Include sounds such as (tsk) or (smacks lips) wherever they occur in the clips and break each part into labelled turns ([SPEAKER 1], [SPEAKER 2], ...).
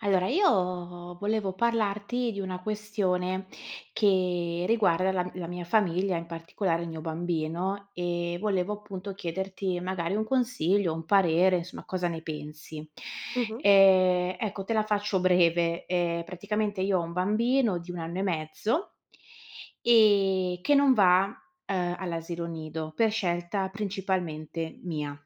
[SPEAKER 1] Allora, io volevo parlarti di una questione che riguarda la m la mia famiglia, in particolare il mio bambino, ehm, volevo, appunto, chiederti magari un consiglio, un parere, insomma, cosa ne pensi.
[SPEAKER 2] Mh-mh.
[SPEAKER 1] Ehm, ecco, te la faccio breve: ehm, praticamente io ho un bambino di 1 anno e mezzo ehm, che non va, uhm, all'asilo nido, per scelta principalmente mia.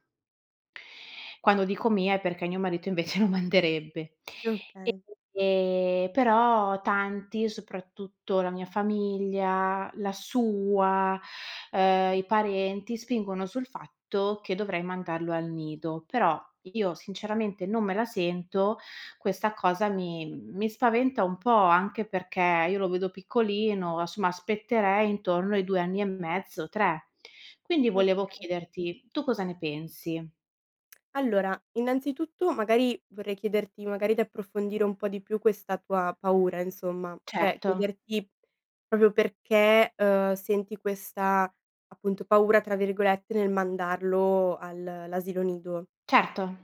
[SPEAKER 1] Quando dico mia è perché mio marito invece lo manderebbe.
[SPEAKER 2] Okay.
[SPEAKER 1] Ehm, però tanti, soprattutto la mia famiglia, la sua, ehm, i parenti spingono sul fatto che dovrei mandarlo al nido; però, io sinceramente, non me la sento, questa cosa mi mi spaventa un po', anche perché io lo vedo piccolino, a somma aspetterei intorno ai 2 anni e mezzo, 3. Quindi
[SPEAKER 2] Okay.
[SPEAKER 1] volevo chiederti: tu cosa ne pensi?
[SPEAKER 2] Allora, innanzitutto, magari, vorrei chiederti, magari, di approfondire un po' di più questa tua paura, insomma, cioè
[SPEAKER 1] Certo.
[SPEAKER 2] chiederti, proprio perché, uhm, senti questa, appunto, "paura", tra virgolette, nel mandarlo al l'asilo nido.
[SPEAKER 1] Certo.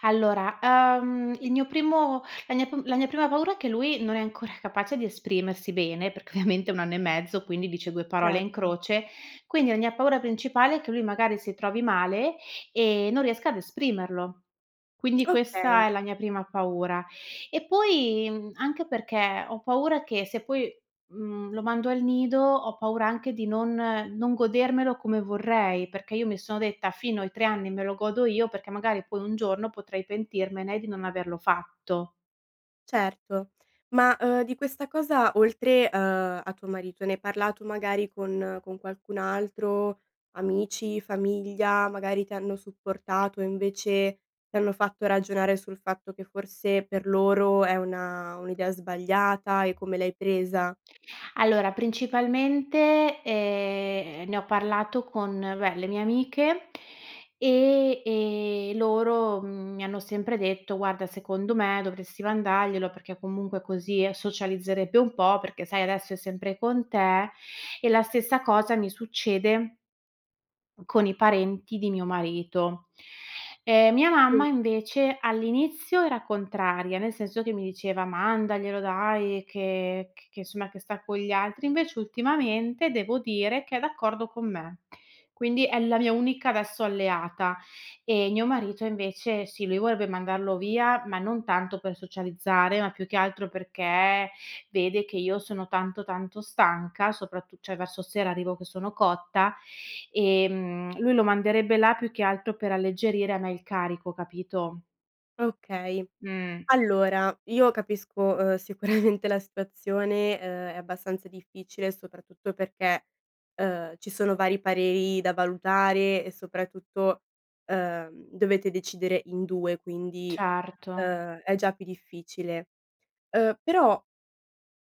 [SPEAKER 1] Allora, uhm, il mio primo la mia p la mia prima paura è che lui non è ancora capace di esprimersi bene, perché ovviamente ha 1 anno e mezzo, quindi dice 2 parole in
[SPEAKER 2] Certo.
[SPEAKER 1] croce, quindi la mia paura principale è che lui, magari, si trovi male e non riesca ad esprimerlo. Quindi
[SPEAKER 2] Okay.
[SPEAKER 1] questa è la mia prima paura, e poi mhmm, anche perché ho paura che se poi, mhmm, lo mando al nido, ho paura anche di non non godermelo come vorrei, perché io mi sono detta fino ai 3 anni me lo godo io, perché magari poi un giorno potrei pentirmene di non averlo fatto.
[SPEAKER 2] Certo, ma, uhm, di questa cosa oltre, uhm, a tuo marito, ne hai parlato magari con con qualcun altro, amici, famiglia, magari ti hanno supportato e invece, ti hanno fatto ragionare sul fatto che forse per loro è una un'idea sbagliata e come l'hai presa?
[SPEAKER 1] Allora principalmente, ehm, ne ho parlato con beh, le mie amiche e e loro, mhmm, mi hanno sempre detto: "Guarda, secondo me dovresti mandarglielo, perché comunque così socializzerebbe un po', perché sai, adesso è sempre con te." E la stessa cosa mi succede con i parenti di mio marito. Ehm, mia
[SPEAKER 2] Mh.
[SPEAKER 1] mamma invece all'inizio era contraria, nel senso che mi diceva: "Mandaglielo dai che c che insomma che sta con gli altri." Invece ultimamente, devo dire, che è d'accordo con me. Quindi è la mia unica, adesso, alleata e mio marito invece sì, lui vorre mandarlo via, ma non tanto per socializzare, ma più che altro perché vede che io sono tanto, tanto stanca, soprattu cioè verso sera arrivo che sono cotta, ehm, lui lo manderebbe là più che altro per alleggerire a me il carico, capito?
[SPEAKER 2] Okay.
[SPEAKER 1] Mh.
[SPEAKER 2] Allora io capisco, uhm, sicuramente la situazione, uhm, è abbastanza difficile, soprattutto perché, uhm, ci sono vari pareri da valutare e soprattutto, uhm, dovete decidere in 2. Quindi,
[SPEAKER 1] Certo.
[SPEAKER 2] uhm, è già più difficile. Uhm, però,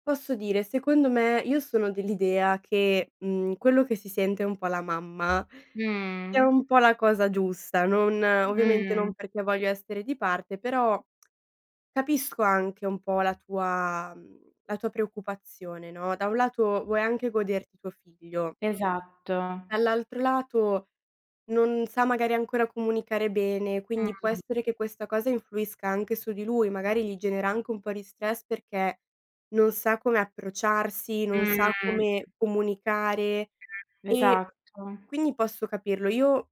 [SPEAKER 2] posso dire, secondo me io sono dell'idea che, mhmm, quello che si sente un po' la mamma, è
[SPEAKER 1] Mh.
[SPEAKER 2] un po' la cosa giusta, non ovviamente
[SPEAKER 1] Mh.
[SPEAKER 2] non perché voglio essere di parte, però, (smacks lips) capisco anche un po' la tua mhmm, la tua preoccupazione, no, da un lato vuoi anche goderti tuo figlio
[SPEAKER 1] Esatto.
[SPEAKER 2] dall'altro lato non sa magari ancora comunicare bene, quindi può
[SPEAKER 1] Mh.
[SPEAKER 2] essere che questa cosa influisca anche su di lui. Magari gli genera anche un po' di stress, perché non sa come approcciarsi, non sa
[SPEAKER 1] Mh.
[SPEAKER 2] come comunicare e
[SPEAKER 1] Esatto.
[SPEAKER 2] quindi posso capirlo. Io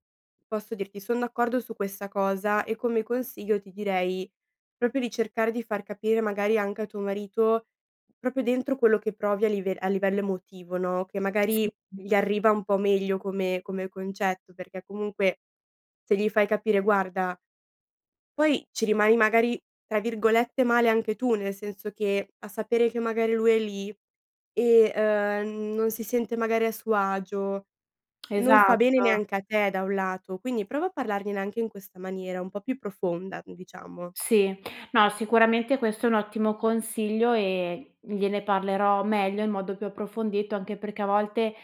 [SPEAKER 2] posso dirti, son d'accordo su questa cosa e come consiglio ti direi proprio di cercare di far capire magari anche a tuo marito, proprio dentro quello che provi a live a livello emotivo, no, che
[SPEAKER 1] Sì,
[SPEAKER 2] magari,
[SPEAKER 1] mh.
[SPEAKER 2] gli arriva un po' meglio come come concetto, perché comunque, se gli fai capire: "Guarda" poi ci rimani magari, tra virgolette, "male" anche tu nel senso che, a sapere che magari lui è lì e, ehm, non si sente magari a suo agio, non fa bene
[SPEAKER 1] Esatto.
[SPEAKER 2] neanche a te da un lato. Quindi prova a parlargliene anche in questa maniera un po' più profonda, n diciamo.
[SPEAKER 1] Sì. No, sicuramente questo è un ottimo consiglio e gliene parlerò meglio, in modo più approfondito, anche perché a volte,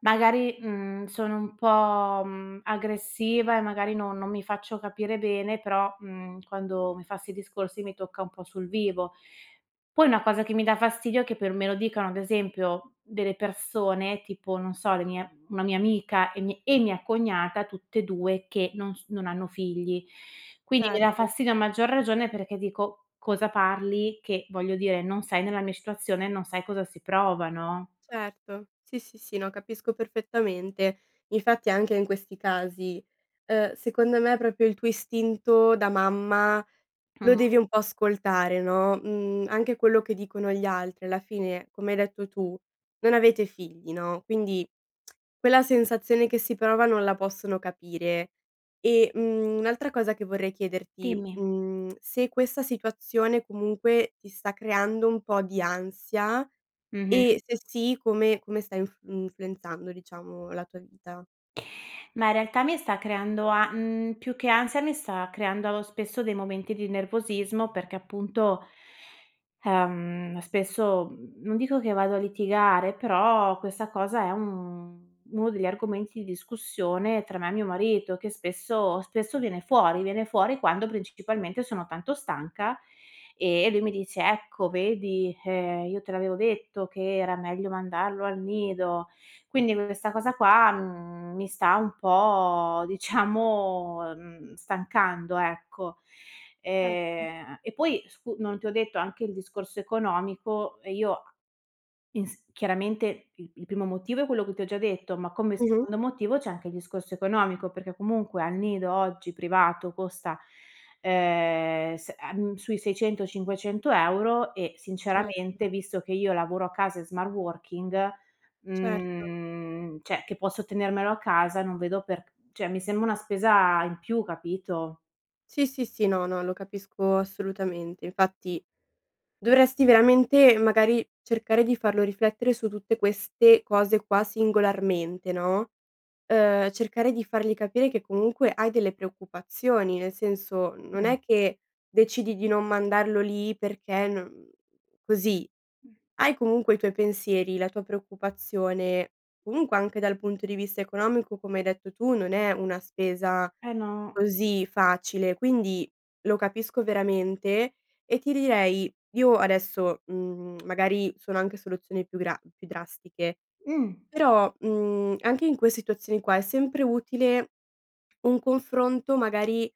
[SPEAKER 1] magari, mhmm, sono un po', mhmm, aggressiva e magari no non mi faccio capire bene. Però, mhmm, quando mi fa 'sti discorsi mi tocca un po' sul vivo. Poi una cosa che mi dà fastidio è che per me lo dicano ad esempio, delle persone tipo non so, le mie una mia amica e mi e mia cognata, tutt'e 2 che non s non hanno figli. Quindi mi dà
[SPEAKER 2] Certo.
[SPEAKER 1] fastidio a maggior ragione perché dico: "Cosa parli?" Che voglio dire: "Non sei nella mia situazione e non sai cosa si prova." No?
[SPEAKER 2] Certo. Sì, sì, sì. No, capisco perfettamente. Infatti, anche in questi casi, uhm, secondo me proprio il tuo istinto da mamma lo
[SPEAKER 1] Mh.
[SPEAKER 2] devi un po' ascoltare, no, mhmm, anche quello che dicono gli altri alla fine, come hai detto tu: "Non avete figli." No? Quindi, (clicks tongue) quella sensazione che si prova non la possono capire. E mhmm, un'altra cosa che vorrei chiederti,
[SPEAKER 1] Dimmi.
[SPEAKER 2] mhmm, (clicks tongue) se questa situazione, comunque, ti sta creando un po' di ansia,
[SPEAKER 1] Mh-mh.
[SPEAKER 2] e se sì, come come sta inf mhmm, influenzando, diciamo, la tua vita.
[SPEAKER 1] Ma in realtà, mi sta creando a mhmm, più che ansia mi sta creando spesso dei momenti di nervosismo perché, appunto, ehm, spesso, mhmm, non dico che vado a litigare, però questa cosa è un uno degli argomenti di discussione tra me e mio marito, che spesso spesso viene fuori. Viene fuori quando, principalmente, sono tanto stanca e lui mi dice: "Ecco vedi, ehm, io te l'avevo detto che era meglio mandarlo al nido"; quindi questa cosa qua, mhmm, mi sta un po', diciamo, ehm, stancando, ecco.
[SPEAKER 2] Erto.
[SPEAKER 1] Ehm e poi scu non ti ho detto anche il discorso economico e io a ins chiaramente, il il primo motivo è quello che ti ho già detto, ma come
[SPEAKER 2] Mh-mh.
[SPEAKER 1] secondo motivo c'è anche il discorso economico perché, comunque, al nido oggi privato costa, ehm, s ehm, sui 600-500€ e,
[SPEAKER 2] Certo.
[SPEAKER 1] sinceramente, visto che io lavoro a casa in smart working,
[SPEAKER 2] Certo.
[SPEAKER 1] mhmm, cioè che posso tenermelo a casa, non vedo per cioè mi sembra una spesa in più, capito?
[SPEAKER 2] Sì, sì, sì no, no, lo capisco assolutamente. Infatti, dovresti veramente, magari, cercare di farlo riflettere su tutte queste cose qua singolarmente, no? Uhm, cercare di fargli capire che comunque hai delle preoccupazioni, nel senso, mhmm, non
[SPEAKER 1] Mh.
[SPEAKER 2] è che decidi di non mandarlo lì perché no mhmm, così. Hai comunque i tuoi pensieri, la tua preoccupazione; comunque, anche dal punto di vista economico, come hai detto tu, non è una spesa
[SPEAKER 1] Eh, no.
[SPEAKER 2] così facile, quindi lo capisco veramente e ti direi: io adesso mhmm, (clicks tongue) magari sono anche soluzioni più gra più drastiche,
[SPEAKER 1] Mh.
[SPEAKER 2] però, mhmm, anche in quei situazioni qua è sempre utile un confronto, magari,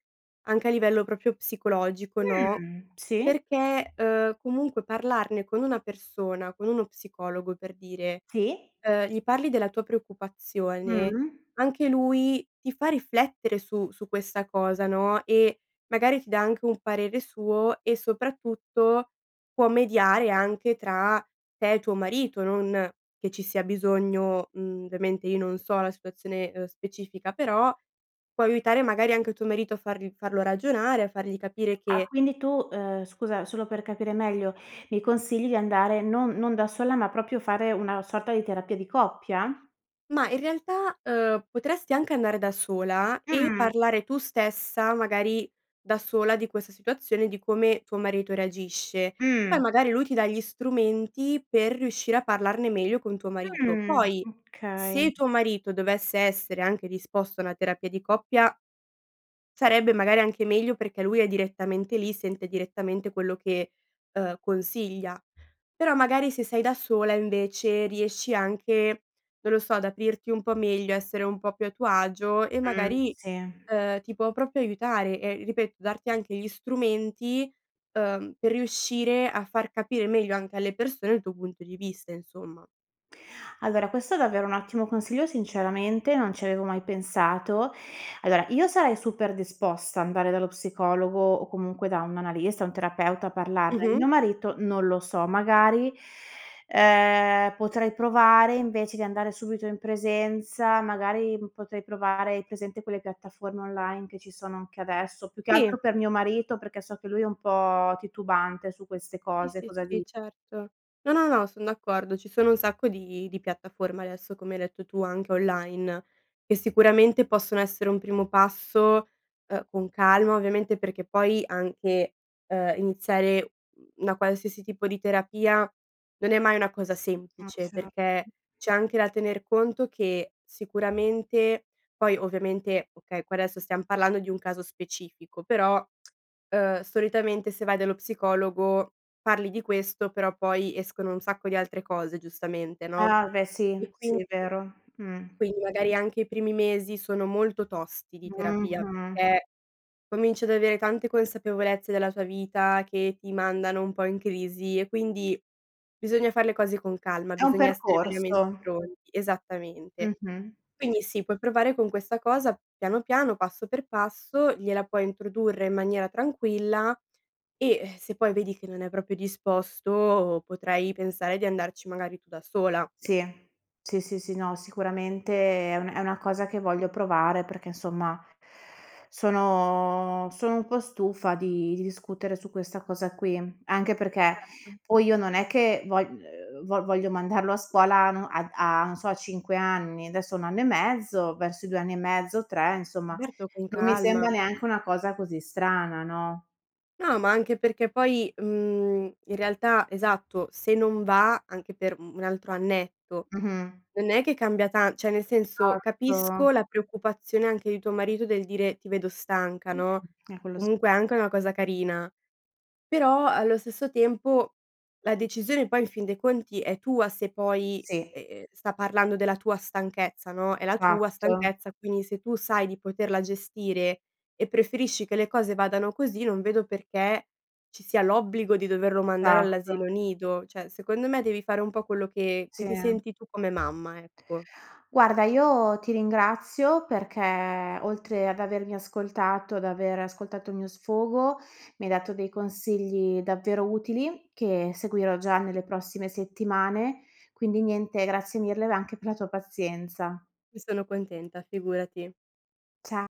[SPEAKER 2] anche a livello proprio psicologico, no?
[SPEAKER 1] Mh, sì?
[SPEAKER 2] Perché, uhm, comunque parlarne con una persona, con uno psicologo, per dire
[SPEAKER 1] Sì?
[SPEAKER 2] uhm, gli parli della tua preoccupazione,
[SPEAKER 1] Mh-mh.
[SPEAKER 2] anche lui ti fa riflettere su su questa cosa, no, e magari ti dà anche un parere suo e, soprattutto, può mediare anche tra te e tuo marito, non che ci sia bisogno mhmm, ovviamente, io non so la situazione, uhm, specifica, però, può aiutare magari anche tuo marito a farl farlo ragionare, a fargli capire
[SPEAKER 1] Ah,
[SPEAKER 2] che
[SPEAKER 1] quindi tu, uhm, scusa, solo per capire meglio, mi consigli di andare non non da sola, ma proprio fare una sorta di terapia di coppia?
[SPEAKER 2] Ma, in realtà, uhm, potresti anche andare da sola e
[SPEAKER 1] Mh.
[SPEAKER 2] parlare tu stessa, magari, da sola, di questa situazione, di come tuo marito reagisce.
[SPEAKER 1] Mh.
[SPEAKER 2] Poi, magari, lui ti dà gli strumenti per riuscire a parlarne meglio con tuo marito;
[SPEAKER 1] Mh,
[SPEAKER 2] poi,
[SPEAKER 1] okay.
[SPEAKER 2] se tuo marito dovesse essere anche disposto a una terapia di coppia, sarebbe magari anche meglio perché lui è direttamente lì, sente direttamente quello che, uhm, consiglia. Però, magari, se sei da sola, invece, riesci anche non lo so, ad aprirti un po' meglio, essere un po' più a tuo agio e
[SPEAKER 1] Mh,
[SPEAKER 2] magari,
[SPEAKER 1] sì.
[SPEAKER 2] uhm, ti può proprio aiutare, ehm, ripeto, darti anche gli strumenti, uhm, per riuscire a far capire meglio anche alle persone il tuo punto di vista, insomma.
[SPEAKER 1] Allora, questo è davvero un ottimo consiglio, sinceramente non ci avevo mai pensato. Allora, io sarei super disposta andare dallo psicologo o comunque da un analista, un terapeuta a parlarne,
[SPEAKER 2] Mh-mh.
[SPEAKER 1] mio marito non lo so, magari, ehm, potrei provare invece di andare subito in presenza, magari, potrei provare hai presente quelle piattaforme online che ci sono anche adesso più che altro
[SPEAKER 2] Sì.
[SPEAKER 1] per mio marito, perché so che lui è un po' titubante su queste
[SPEAKER 2] Sì,
[SPEAKER 1] cose,
[SPEAKER 2] sì,
[SPEAKER 1] cosa di
[SPEAKER 2] sì, certo. No, no, no, son d'accordo. Ci sono un sacco di di piattaforme adesso, come hai detto tu, anche online, e sicuramente possono essere un primo passo, uhm, con calma, ovviamente, perché poi anche, uhm, iniziare una qualsiasi tipo di terapia non è mai una cosa
[SPEAKER 1] Ah,
[SPEAKER 2] semplice,
[SPEAKER 1] cer
[SPEAKER 2] perché c'è anche da tener conto che sicuramente poi ovviamente, okay, qua adesso stiam parlando di un caso specifico, però, (tsk) uhm, solitamente se vai dallo psicologo parli di questo, però poi escono un sacco di altre cose, giustamente, no?
[SPEAKER 1] Ah, beh, sì,
[SPEAKER 2] E quin
[SPEAKER 1] sì, vero, mh.
[SPEAKER 2] quindi, magari, anche i primi mesi sono molto tosti di terapia,
[SPEAKER 1] Mh-mh.
[SPEAKER 2] perché cominci ad avere tante consapevolezze della tua vita che ti mandano un po' in crisi, e quindi, bisogna far le cose con calma,
[SPEAKER 1] È un
[SPEAKER 2] bisogna essere veramente
[SPEAKER 1] percorso.
[SPEAKER 2] pronti esattamente.
[SPEAKER 1] Mh-mh.
[SPEAKER 2] Quindi sì, puoi provare con questa cosa, piano piano, passo per passo, gliela puoi introdurre in maniera tranquilla, e, eh, se poi vedi che non è proprio disposto, potrai pensare di andarci, magari, tu da sola.
[SPEAKER 1] Sì. Sì, sì, sì, no, sicuramente è un è una cosa che voglio provare perché, insomma, sono sono un po' stufa di di discutere su questa cosa qui, anche perché
[SPEAKER 2] Certo.
[SPEAKER 1] poi io non è che vo uhm, vo voglio mandarlo a scuola a no a a non so, a 5 anni, adesso ha 1 anno e mezzo, verso i 2 anni e mezzo, 3, insomma,
[SPEAKER 2] Certo, con
[SPEAKER 1] non mi sembra
[SPEAKER 2] calma.
[SPEAKER 1] neanche una cosa così strana, no?
[SPEAKER 2] No, ma anche perché poi, mhmm, in realtà esatto, se non va anche per mhmm, 1 altro annetto,
[SPEAKER 1] Mh-mh.
[SPEAKER 2] non è che cambia tan cioè, nel senso,
[SPEAKER 1] Esatto.
[SPEAKER 2] capisco la preoccupazione anche di tuo marito del dire: "Ti vedo stanca."
[SPEAKER 1] Mh,
[SPEAKER 2] No?
[SPEAKER 1] eh, quello s
[SPEAKER 2] Comunque è anche una cosa carina, però allo stesso tempo la decisione poi in fin dei conti è tua, se poi,
[SPEAKER 1] Sì.
[SPEAKER 2] ehm, sta parlando della tua stanchezza, no, è la tua
[SPEAKER 1] Esatto.
[SPEAKER 2] stanchezza. Quindi se tu sai di poterla gestire, e preferisci che le cose vadano così, non vedo perché ci sia l'obbligo di doverlo mandare
[SPEAKER 1] Esatto.
[SPEAKER 2] all'asilo nido, cioè, secondo me devi fare un po' quello che che ti
[SPEAKER 1] Sì.
[SPEAKER 2] senti tu come mamma, ecco.
[SPEAKER 1] Guarda, io ti ringrazio perché oltre ad avermi ascoltato, ad aver ascoltato il mio sfogo, mi hai dato dei consigli davvero utili che seguirò già nelle prossime settimane. Quindi, niente, grazie mille v anche per la tua pazienza.
[SPEAKER 2] Ne sono contenta, figurati.
[SPEAKER 1] Cia